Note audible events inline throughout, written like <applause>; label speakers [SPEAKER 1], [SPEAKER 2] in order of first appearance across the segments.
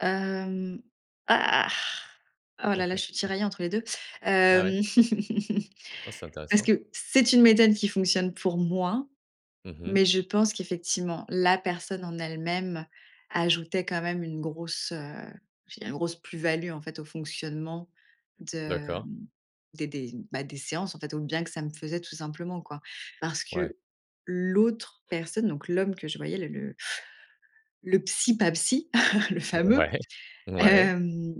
[SPEAKER 1] Hem, ah, oh là là, je suis
[SPEAKER 2] <chuckles>
[SPEAKER 1] tiraillée entre les 2.
[SPEAKER 2] Ah ouais.
[SPEAKER 1] Hem, <chuckles>
[SPEAKER 2] Ah c'est
[SPEAKER 1] parce
[SPEAKER 2] intéressant.
[SPEAKER 1] que c'est une méthode qui fonctionne pour moi,
[SPEAKER 2] Mmh mh.
[SPEAKER 1] mais je pense qu'effectivement, la personne en elle-même ajoutait quand même une grosse, heu, je dirais une grosse plus-value en fait au fonctionnement de,
[SPEAKER 2] D'accord.
[SPEAKER 1] mmh, des des bah des séances en fait, au bien que ça me faisait tout simplement, quoi. Parce
[SPEAKER 2] Ouais.
[SPEAKER 1] que l'autre personne, donc l'homme que je voyais, la, le le psy pas psy, <chuckles> le fameux,
[SPEAKER 2] Ouais, ouais.
[SPEAKER 1] hem,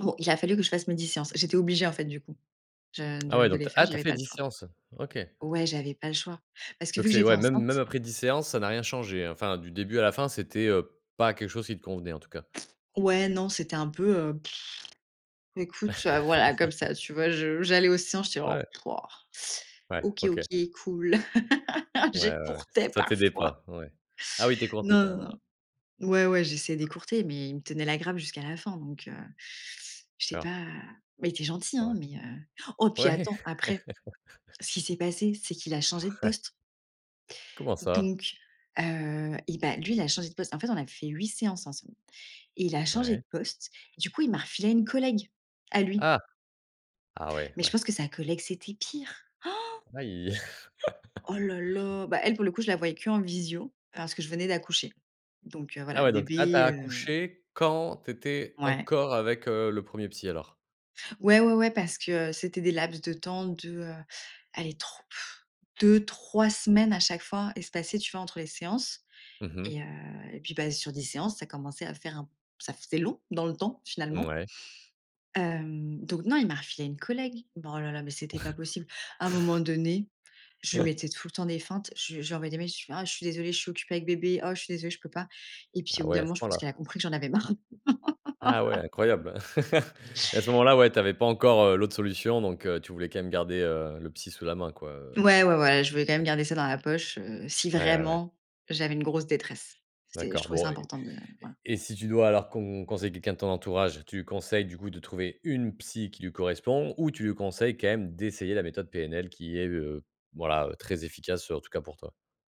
[SPEAKER 1] o il a fallu que je fasse mes 10 séances. J'étais obligée en fait du coup je
[SPEAKER 2] Ah
[SPEAKER 1] de
[SPEAKER 2] ouais
[SPEAKER 1] de
[SPEAKER 2] donc
[SPEAKER 1] les
[SPEAKER 2] tu as
[SPEAKER 1] faire,
[SPEAKER 2] ah tu as
[SPEAKER 1] j'avais
[SPEAKER 2] fait
[SPEAKER 1] pas le
[SPEAKER 2] 10
[SPEAKER 1] choix.
[SPEAKER 2] séances, OK.
[SPEAKER 1] Ouais, j'avais pas le choix parce que
[SPEAKER 2] Donc
[SPEAKER 1] vu que
[SPEAKER 2] c'est
[SPEAKER 1] j'étais
[SPEAKER 2] ouais même même
[SPEAKER 1] enceinte
[SPEAKER 2] après 10 séances ça n'a rien changé hein, enfin du début à la fin c'était, heu, pas quelque chose qui te convenait, en tout cas.
[SPEAKER 1] Ouais, non, c'était un peu <lip trill> écoute, heu, voilà comme
[SPEAKER 2] <chuckles>
[SPEAKER 1] ça, tu vois, je j'allais aux séances, j'étais: «Oh,
[SPEAKER 2] Ouais. Ouais,
[SPEAKER 1] OK,
[SPEAKER 2] OK.
[SPEAKER 1] OK, cool» <laughs>
[SPEAKER 2] Ouais, ouais
[SPEAKER 1] j'écourtais
[SPEAKER 2] ça t'aidait
[SPEAKER 1] parfois.
[SPEAKER 2] pas ouais, ah oui tu écourtais
[SPEAKER 1] Non,
[SPEAKER 2] carrément
[SPEAKER 1] non,
[SPEAKER 2] ouais.
[SPEAKER 1] non, ouais, ouais, j'essayais d'écourter, mais il me tenait la grape jusqu'à la fin, donc heu, je sais
[SPEAKER 2] Cor
[SPEAKER 1] pas, mais il était gentil hein,
[SPEAKER 2] Ouais.
[SPEAKER 1] mais heu, oh puis
[SPEAKER 2] Ouais.
[SPEAKER 1] attends. Après,
[SPEAKER 2] <chuckles>
[SPEAKER 1] ce qui s'est passé, c'est qu'il a changé de
[SPEAKER 2] Ouais.
[SPEAKER 1] poste
[SPEAKER 2] Comment ça?
[SPEAKER 1] donc heu, et bah lui, il a changé de poste. En fait, on a fait 8 séances ensemble et il a changé de
[SPEAKER 2] Ouais.
[SPEAKER 1] poste. Du coup, il m'a refilé une collègue à lui
[SPEAKER 2] Ah! Ah ouais,
[SPEAKER 1] mais je
[SPEAKER 2] ouais.
[SPEAKER 1] pense que sa collègue, c'était pire! <gasps>
[SPEAKER 2] Aie.
[SPEAKER 1] Oh
[SPEAKER 2] <chuckles>
[SPEAKER 1] là là, bah, elle, pour le coup, je la voyais qu'en visio parce que je venais d'accoucher, donc heu,
[SPEAKER 2] Ah
[SPEAKER 1] voilà,
[SPEAKER 2] ouais, donc ah tu as
[SPEAKER 1] bébé, heu
[SPEAKER 2] accouché quand tu étais
[SPEAKER 1] Ouais.
[SPEAKER 2] encore avec, heu, le 1er psy, alors.
[SPEAKER 1] Ouais, ouais, ouais, parce que c'était des laps de temps de aller tro <blows air> 2-3 semaines à chaque fois espacées, tu vois, entre les séances
[SPEAKER 2] Mmh mh.
[SPEAKER 1] et heu, et puis bah, sur 10 séances ça commençait à faire un ça faisait long dans le temps finalement
[SPEAKER 2] Mouais.
[SPEAKER 1] hem, donc non, il m'a refilé à une collègue bon oh là là mais c'était pas
[SPEAKER 2] <chuckles>
[SPEAKER 1] possible à un moment donné je lui
[SPEAKER 2] <chuckles>
[SPEAKER 1] mettais tout le temps des feintes. Je je lui envoyé des mails: «Oh je suis désolée, je suis occupée avec bébé. Oh je suis désolée, je peux pas», et puis, au
[SPEAKER 2] Ah
[SPEAKER 1] bout
[SPEAKER 2] ouais
[SPEAKER 1] d'un
[SPEAKER 2] à
[SPEAKER 1] moment,
[SPEAKER 2] ce
[SPEAKER 1] je
[SPEAKER 2] point
[SPEAKER 1] pense
[SPEAKER 2] là.
[SPEAKER 1] qu'elle a compris que j'en avais marre.
[SPEAKER 2] Ah ouais
[SPEAKER 1] <laughs>
[SPEAKER 2] incroyable <laughs> et à ce moment-là, ouais tu avais pas encore, heu, l'autre solution donc heu, tu voulais quand même garder, heu, le psy sous la main quoi, heu
[SPEAKER 1] Ouais, ouais, ouais, je voulais quand même garder ça dans la poche, heu, si
[SPEAKER 2] Ouais, ouais, ouais.
[SPEAKER 1] vraiment j'avais une grosse détresse. C'est je
[SPEAKER 2] D'accord,
[SPEAKER 1] trouvais ça
[SPEAKER 2] bon et
[SPEAKER 1] important de voila.
[SPEAKER 2] et si tu dois alors con conseille quelqu'un de ton entourage, tu conseilles du coup de trouver une psy qui lui correspond ou tu lui conseilles quand même d'essayer la méthode PNL qui est, heu, voilà, très efficace, en tout cas pour toi.